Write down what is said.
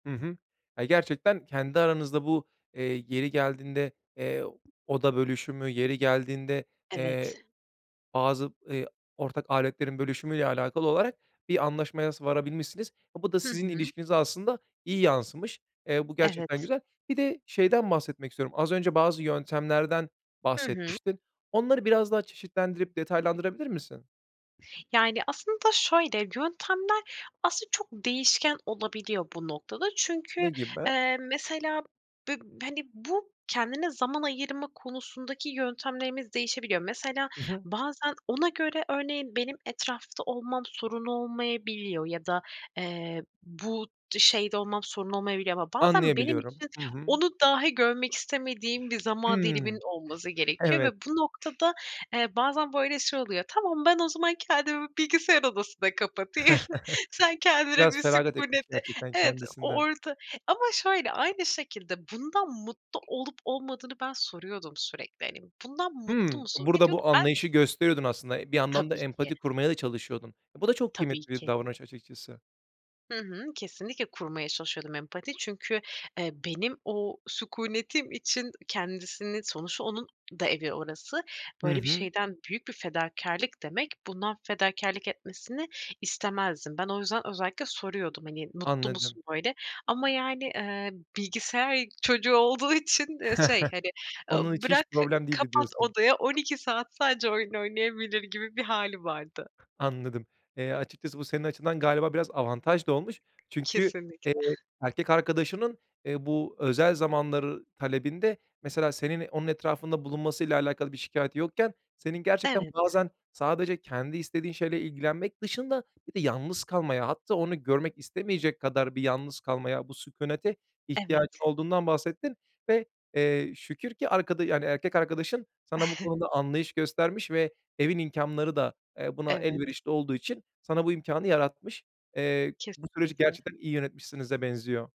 Hı hı. Ya gerçekten kendi aranızda bu, eee, yeri geldiğinde, eee, oda bölüşümü, yeri geldiğinde, eee, Evet. bazı, ııı, ortak aletlerin bölüşümüyle alakalı olarak bir anlaşmaya s varabilmişsiniz. A, bu da Hı sizin hı. ilişkinize aslında iyi yansımış. Eee, bu gerçekten Evet. güzel. Bir de şeyden bahsetmek istiyorum. Az önce bazı yöntemlerden Hı hı. bahsetmiştin. Onları biraz daha çeşitlendirip detaylandırabilir misin? Yani aslında şöyle yöntemler aslında çok değişken olabiliyor bu noktada çünkü, Ne gibi? eee, mesela b b hani, bu kendine zaman ayırma konusundaki yöntemlerimiz değişebiliyor. Mesela I hı. bazen ona göre örneğin benim etrafta olmam sorun olmayabiliyor ya da, eee, bu d şeyde olmam sorun olmayabiliyor ama bazen benim Anlayabiliyorum. için Hı hı. onu dahi görmek istemediğim bir zaman diliminin Imm. olması gerekiyor ve Evet. bu noktada, eee, bazen böyle şey oluyor, tamam ben o zaman kendimi bilgisayar odasına kapatayım, sen kendine Biraz bir feragat etmiş sükûneti gerçekten Evet o kendisinden. orada ama şöyle, aynı şekilde bundan mutlu olup olmadığını ben soruyordum sürekli. Hani, bundan mutlu Hımm. musun ve Burada diyordu ki, bu ben anlayışı gösteriyordun aslında. Bir yandan da Tabii ki. empati kurmaya da çalışıyordun. E, bu da çok Tabii kıymetli bir ki. davranış açıkçası. Hı hı. Kesinlikle kurmaya çalışıyordum empati çünkü, eee, benim o sükûnetim için kendisini, sonuçta onun da evi orası, Hı böyle bir hı. şeyden büyük bir fedakârlık demek bundan fedakârlık etmesini istemezdim. Ben o yüzden özellikle soruyordum hani mutlu Anladım. musun böyle ama yani, ııı, bilgisayar çocuğu olduğu için, ııı, şey hani, ııı, Onun için hiç bırak problem değildi kapat diyorsun. odaya 12 saat sadece oyun oynayabilir gibi bir hâli vardı. Anladım. Eee, açıkçası bu senin açından galiba biraz avantaj da olmuş. Çünkü, eee, Kesinlikle. erkek arkadaşının, ııı, bu özel zamanlar talebinde mesela senin onun etrafında bulunmasıyla alakalı bir şikâyeti yokken senin gerçekten Evet. bazen sadece kendi istediğin şeyle ilgilenmek dışında bir de yalnız kalmaya hatta onu görmek istemeyecek kadar bir yalnız kalmaya bu sükûnete ihtiyacın Evet. olduğundan bahsettin. Ve, eee, şükür ki arkada yani erkek arkadaşın sana bu konuda anlayış göstermiş ve evin imkânları da, eee, buna Evet. elverişli olduğu için sana bu imkânı yaratmış. Eee, bu süreci Kesinlikle. gerçekten iyi yönetmişsinize benziyor.